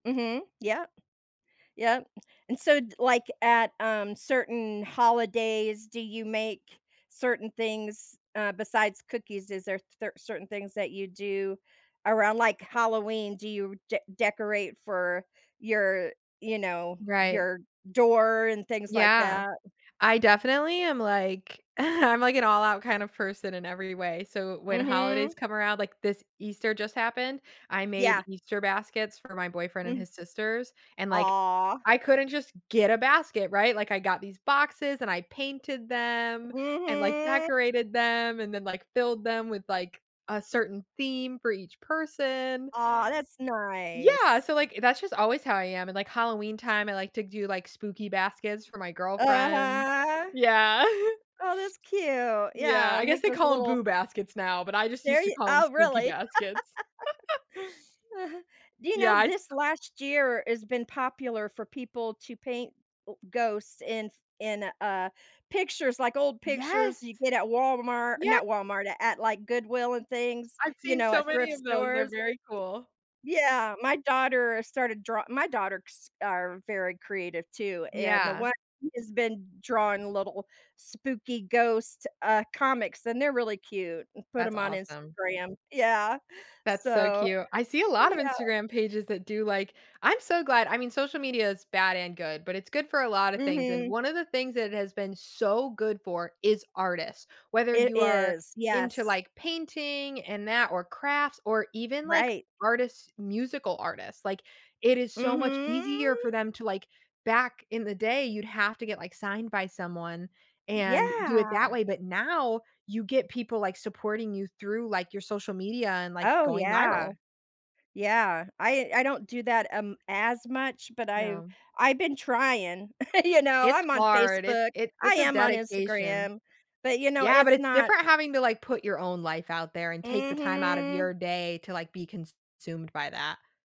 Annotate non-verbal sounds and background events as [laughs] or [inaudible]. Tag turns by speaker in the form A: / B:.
A: Mhm. Yup, yup, and so, like, at, um, certain holidays, do you make certain things, uh, besides cookies? Is there cer certain things that you do around, like, Halloween? Do you de decorate for your, you know,
B: Right.
A: your door and things like
B: Yeah,
A: that?
B: I definitely am, like, [chuckles] I'm, like, an all out kind of person in every way. So when holidays
A: Mhm.
B: come around, like, this Easter just happened, I
A: Yeah.
B: made Easter baskets for my boyfriend and
A: Mm.
B: his sisters, and, like,
A: Aw.
B: I couldn't just get a basket, right? Like, I got these boxes, and I painted them, and, like,
A: Mhm.
B: decorated them, and then, like, filled them with, like, a certain theme for each person.
A: Aw, that's
B: Yeah,
A: nice.
B: so, like, that's just always how I am, and, like, Halloween time, I like to do, like, spooky baskets for my girlfriend
A: Uh-huh.
B: yeah.
A: Oh, that's cute.
B: Yeah,
A: Yeah,
B: I
A: and
B: guess
A: make
B: they
A: those
B: call 'em,
A: little
B: "Boo Baskets" now, but I just
A: There
B: used to
A: you
B: call 'em
A: oh,
B: spooky
A: really?
B: baskets. [chuckles]
A: [laughs] Do you know
B: Yeah, I th
A: this last year has been popular for people to paint, uh, ghosts in in, uh, pictures, like, old pictures
B: Yes.
A: you get at Walmart
B: Yea
A: not Walmart, at at, like, Goodwill and things,
B: I've
A: you
B: seen
A: know,
B: so
A: at
B: many
A: thrift
B: of those, they're
A: stores.
B: very cool.
A: Yeah, my daughter started draw my daughters are very creative too, and the
B: Yeah.
A: one has been drawing little spooky ghost, uh, comics, and they're really cute and put
B: That's
A: 'em on
B: awesome.
A: Instagram yeah,
B: That's so
A: so,
B: cute. I see a lot
A: yeah.
B: of Instagram pages that do, like I'm so glad I mean, social media is bad and good, but, it's good for a lot of things, and
A: Mhm.
B: one of the things that it has been so good for is artists, whether
A: It
B: you are
A: is,
B: into,
A: yes.
B: like, painting and that or crafts or even, like,
A: Right.
B: artists musical artists, like, it is so much easier for
A: Mhm.
B: them to, like, back in the day, you'd have to get, like, signed by someone and do it that
A: Yeah.
B: way, but, now you get people, like, supporting you through, like, your social media and, like,
A: Oh,
B: going
A: yeah.
B: viral.
A: Yeah, I I don't do that, um, as much, but I've
B: No.
A: I've been trying, [chuckles] you know,
B: It's
A: I'm on
B: hard, it
A: Facebook,
B: it
A: I
B: it's a
A: am on
B: dedication.
A: Instagram, but, you know,
B: Yeah, but,
A: it's
B: it's
A: not
B: different having to, like, put your own life out there and take the time out of
A: Mhm.
B: your day to, like, be consumed by that.